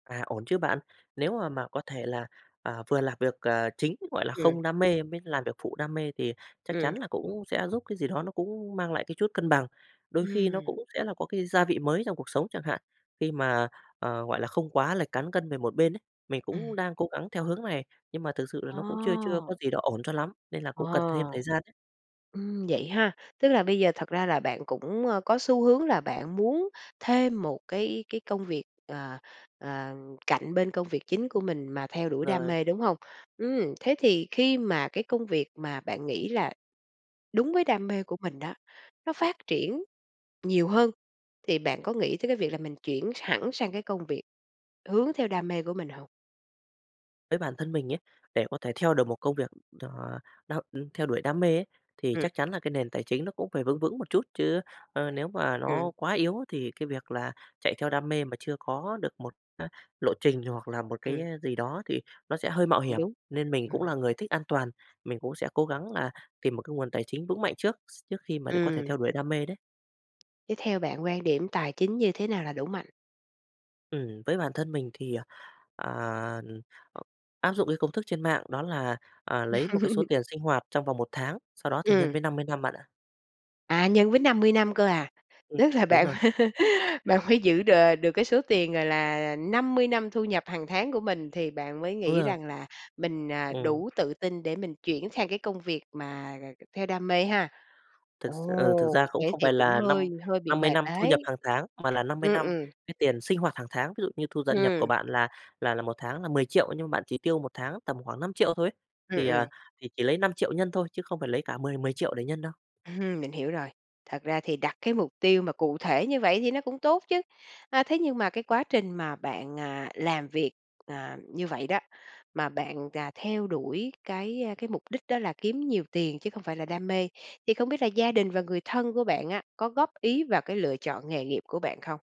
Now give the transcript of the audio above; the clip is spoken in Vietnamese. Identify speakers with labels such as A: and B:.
A: À, ổn chứ bạn? Nếu mà mà có thể là, ờ, vừa làm việc, ờ, chính, gọi là,
B: Ừm.
A: không đam mê mới làm việc phụ đam mê thì chắc chắn
B: Ừm.
A: là cũng sẽ giúp cái gì đó nó cũng mang lại cái chút cân bằng. Đôi khi nó
B: Ừm.
A: cũng sẽ là có cái gia vị mới trong cuộc sống chẳng hạn, khi mà, ờ, gọi là, không quá lệch cán cân về một bên ấy, mình
B: Ừm.
A: cũng đang cố gắng theo hướng này, nhưng mà thực sự là
B: À.
A: nó cũng chưa chưa có gì đó ổn cho lắm nên là
B: Ờ,
A: cũng cần thêm thời gian ấy.
B: ừm, vậy ha, tức là bây giờ thật ra là bạn cũng, ơ, có xu hướng là bạn muốn thêm một cái cái công việc, ờ, ờ, cạnh bên công việc chính của mình mà theo đuổi đam
A: Rồi.
B: mê, đúng hông? Ừm, thế thì khi mà cái công việc mà bạn nghĩ là đúng với đam mê của mình á, nó phát triển nhiều hơn, thì bạn có nghĩ tới cái việc là mình chuyển hẳn sang cái công việc hướng theo đam mê của mình hông?
A: Với bản thân mình nhá, để có thể theo được một công việc, ờ, đâu theo đuổi đam mê ấy, thì
B: Ừm.
A: chắc chắn là cái nền tài chính nó cũng phải vững vững một chút, chứ, ờ, nếu mà nó
B: Ừm.
A: quá yếu thì cái việc là chạy theo đam mê mà chưa có được một, à, lộ trình hoặc là một cái
B: Ừm.
A: gì đó thì nó sẽ hơi mạo
B: Cũng
A: hiểm,
B: đúng.
A: nên mình cũng
B: Ừm.
A: là người thích an toàn, mình cũng sẽ cố gắng là tìm một cái nguồn tài chính vững mạnh trước, s trước khi mà có thể
B: Ừm.
A: theo đuổi đam mê đấy.
B: Thế theo bạn quan điểm tài chính như thế nào là đủ mạnh?
A: Ừm, với bản thân mình thì, ờ, ừm, ờ, áp dụng cái công thức trên mạng đó là, ờ, lấy một cái số tiền sinh hoạt trong vòng 1 tháng, sau đó thì nhân
B: Ừm.
A: với 50 năm bạn ạ.
B: À, nhân với 50 năm cơ à?
A: Ừm,
B: Tức là
A: đúng
B: bạn
A: rồi.
B: bạn mới giữ đ được cái số tiền, gọi là, 50 năm thu nhập hàng tháng của mình thì bạn mới
A: Đúng
B: nghĩ
A: rồi.
B: rằng là mình, à,
A: Ừm.
B: đủ tự tin để mình chuyển sang cái công việc mà theo đam mê ha?
A: Thực s ừ, thực
B: Ồ,
A: ra cũng
B: thế
A: không
B: thì
A: phải
B: cũng
A: là
B: hơi
A: năm
B: hơi bị
A: năm mươi
B: mệt
A: năm thu nhập
B: đấy.
A: hàng tháng, mà là 50
B: Ừm,
A: năm
B: ừm.
A: cái tiền sinh hoạt hàng tháng, ví dụ như thu dận nhập của
B: Ừm.
A: bạn là là là một tháng là 10.000.000 nhưng mà bạn chỉ tiêu một tháng tầm khoảng 5.000.000 thôi ấy.
B: Ừm,
A: Thì, ờ,
B: ừm.
A: thì chỉ lấy 5.000.000 nhân thôi chứ không phải lấy cả mười mười triệu để nhân đâu.
B: Ừm, mình hiểu rồi. Thật ra thì đặt cái mục tiêu mà cụ thể như vậy thì nó cũng tốt chứ, à, thế nhưng mà cái quá trình mà bạn, à, làm việc, ờ, như vậy đó, mà bạn, à, theo đuổi cái, ơ, cái mục đích đó là kiếm nhiều tiền chứ không phải là đam mê, thì không biết là gia đình và người thân của bạn á, có góp ý vào cái lựa chọn nghề nghiệp của bạn không?